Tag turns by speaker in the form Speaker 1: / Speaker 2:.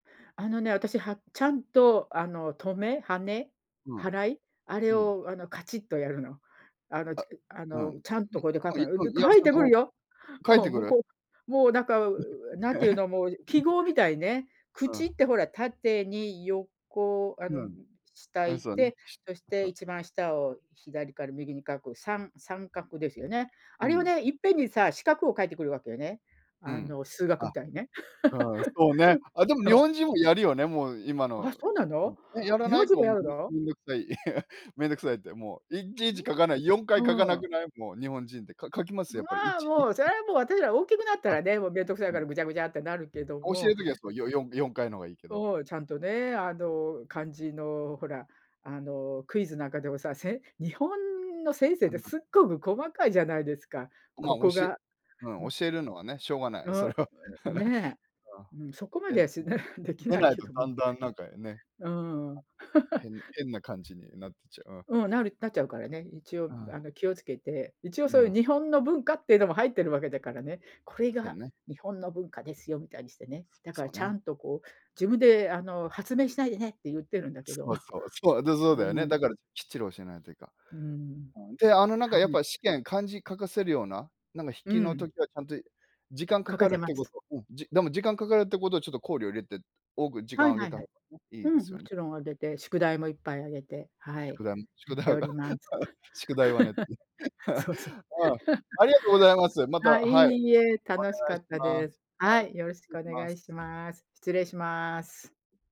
Speaker 1: あのね、私、はちゃんとあの、とめ、はね、
Speaker 2: う
Speaker 1: は
Speaker 2: ん。
Speaker 1: らい、あれ
Speaker 2: うん。
Speaker 1: をあのカチッとやるの。あの、ち
Speaker 2: あ、
Speaker 1: あ
Speaker 2: うん。う
Speaker 1: の、
Speaker 2: ん、
Speaker 1: ちゃんとこれで
Speaker 2: あ
Speaker 1: 書くのよ。で、書い
Speaker 2: [unintelligible]
Speaker 1: てくる
Speaker 2: と
Speaker 1: よ。
Speaker 2: 書い
Speaker 1: う
Speaker 2: て
Speaker 1: ん、
Speaker 2: く
Speaker 1: 向
Speaker 2: る？
Speaker 1: こう、もうなんか、なんていうの、もう記号みたいね、
Speaker 2: うん。
Speaker 1: 口ってほら、縦に横あ
Speaker 2: う
Speaker 1: の
Speaker 2: ん。
Speaker 1: 下い
Speaker 2: あ、
Speaker 1: っ
Speaker 2: そうん。
Speaker 1: て、
Speaker 2: し
Speaker 1: そして
Speaker 2: そ。
Speaker 1: 一番下を左から右に書く33画ですよね。
Speaker 2: う
Speaker 1: あれを
Speaker 2: ん。
Speaker 1: ね、いっぺんにさ、四角を書いてくるわけよね。
Speaker 2: う
Speaker 1: あ
Speaker 2: ん。
Speaker 1: の数学
Speaker 2: あ、
Speaker 1: みたいにね。
Speaker 2: うん、そうね。あ、でも
Speaker 1: そ
Speaker 2: 日
Speaker 1: う。
Speaker 2: 本人もやるよね、もう今
Speaker 1: あ、
Speaker 2: の
Speaker 1: そうなの？
Speaker 2: うん、やら
Speaker 1: 日
Speaker 2: な
Speaker 1: 本
Speaker 2: い？
Speaker 1: 人
Speaker 2: こう、
Speaker 1: もや
Speaker 2: も
Speaker 1: る
Speaker 2: うめ
Speaker 1: の？
Speaker 2: めんどくさい、めんどくさいって、もういちい
Speaker 1: う
Speaker 2: ち書かない4回書か
Speaker 1: ん？う
Speaker 2: な
Speaker 1: ん。
Speaker 2: くない？もう日本人ってか書きます？や
Speaker 1: ま
Speaker 2: っぱり、い
Speaker 1: あ
Speaker 2: ちに、
Speaker 1: もう、それ
Speaker 2: ん。
Speaker 1: はもう私らは大きくなった
Speaker 2: あ、
Speaker 1: らね、もうめんどくさい
Speaker 2: あ
Speaker 1: から
Speaker 2: の
Speaker 1: ぐちゃぐちゃってなるけど
Speaker 2: 教える
Speaker 1: も。
Speaker 2: 時はそう、よよん4回の方がいいけど。
Speaker 1: を、ちゃんとね、あの漢字のほら、あのクイズなんかでもさ、せん日本の先生っ
Speaker 2: あ
Speaker 1: て
Speaker 2: んなん。
Speaker 1: すっごく細かいじゃないですか。
Speaker 2: ま、
Speaker 1: ここ
Speaker 2: 教え
Speaker 1: が
Speaker 2: うん、教えるのはね、しょうがな
Speaker 1: う、
Speaker 2: い、そ
Speaker 1: う、
Speaker 2: れは。
Speaker 1: ね、
Speaker 2: あ、
Speaker 1: うん、そこま
Speaker 2: で
Speaker 1: で
Speaker 2: ん
Speaker 1: はしない。でき
Speaker 2: で
Speaker 1: ない
Speaker 2: ない
Speaker 1: け
Speaker 2: と
Speaker 1: ど、
Speaker 2: だ
Speaker 1: ん。
Speaker 2: んだんなんか、ね。
Speaker 1: うん。
Speaker 2: 変変な漢字になってちゃう、うん。
Speaker 1: うん、なるなっちゃうからね。一応
Speaker 2: うん。
Speaker 1: あの気をつけて、一応
Speaker 2: う
Speaker 1: そうい
Speaker 2: ん。
Speaker 1: う日本の文化っていうのも入ってるわけだからね、これ
Speaker 2: そう
Speaker 1: が
Speaker 2: ね。
Speaker 1: 日本の文化ですよみたいにしてね。だから
Speaker 2: そう
Speaker 1: ちゃ
Speaker 2: ね。
Speaker 1: んとこう自分であの発明しないでねってゆってるんだけど。
Speaker 2: そうそう、そう、で、そう
Speaker 1: う
Speaker 2: だよね。
Speaker 1: ん。
Speaker 2: だからきっちり教えないといか
Speaker 1: うん、
Speaker 2: ん。んで、あの、なんか
Speaker 1: は
Speaker 2: やっ
Speaker 1: い。
Speaker 2: ぱ試験漢字書かせるような、なんか筆
Speaker 1: う
Speaker 2: 記の
Speaker 1: ん。
Speaker 2: 時はちゃんと時間か
Speaker 1: 書け
Speaker 2: か
Speaker 1: て
Speaker 2: るっ
Speaker 1: ま
Speaker 2: てこ
Speaker 1: す。
Speaker 2: と。うん、じでも時間かかるってことをちょっと考慮を入れて、多く時
Speaker 1: は
Speaker 2: 間
Speaker 1: い
Speaker 2: をあ
Speaker 1: は
Speaker 2: げ
Speaker 1: い
Speaker 2: た
Speaker 1: は
Speaker 2: 方
Speaker 1: い。
Speaker 2: がね、いい
Speaker 1: う
Speaker 2: で
Speaker 1: ん、
Speaker 2: す
Speaker 1: も
Speaker 2: よね。
Speaker 1: ちろんあげて、宿題もいっぱいあげて、
Speaker 2: あ、
Speaker 1: はい、
Speaker 2: 宿題ん
Speaker 1: や
Speaker 2: 宿
Speaker 1: って
Speaker 2: 題
Speaker 1: お
Speaker 2: は。
Speaker 1: ります。
Speaker 2: 宿題はねって。
Speaker 1: そうそう。
Speaker 2: うん、ありがとうございます。ま
Speaker 1: あ、
Speaker 2: た、
Speaker 1: い
Speaker 2: はい。お
Speaker 1: いえ、楽し
Speaker 2: 願
Speaker 1: か
Speaker 2: いし
Speaker 1: った
Speaker 2: ま
Speaker 1: です。
Speaker 2: す。は
Speaker 1: は
Speaker 2: い、
Speaker 1: い、よろし
Speaker 2: 失礼
Speaker 1: く
Speaker 2: し
Speaker 1: お
Speaker 2: ま
Speaker 1: 願
Speaker 2: す。
Speaker 1: いします。失礼します。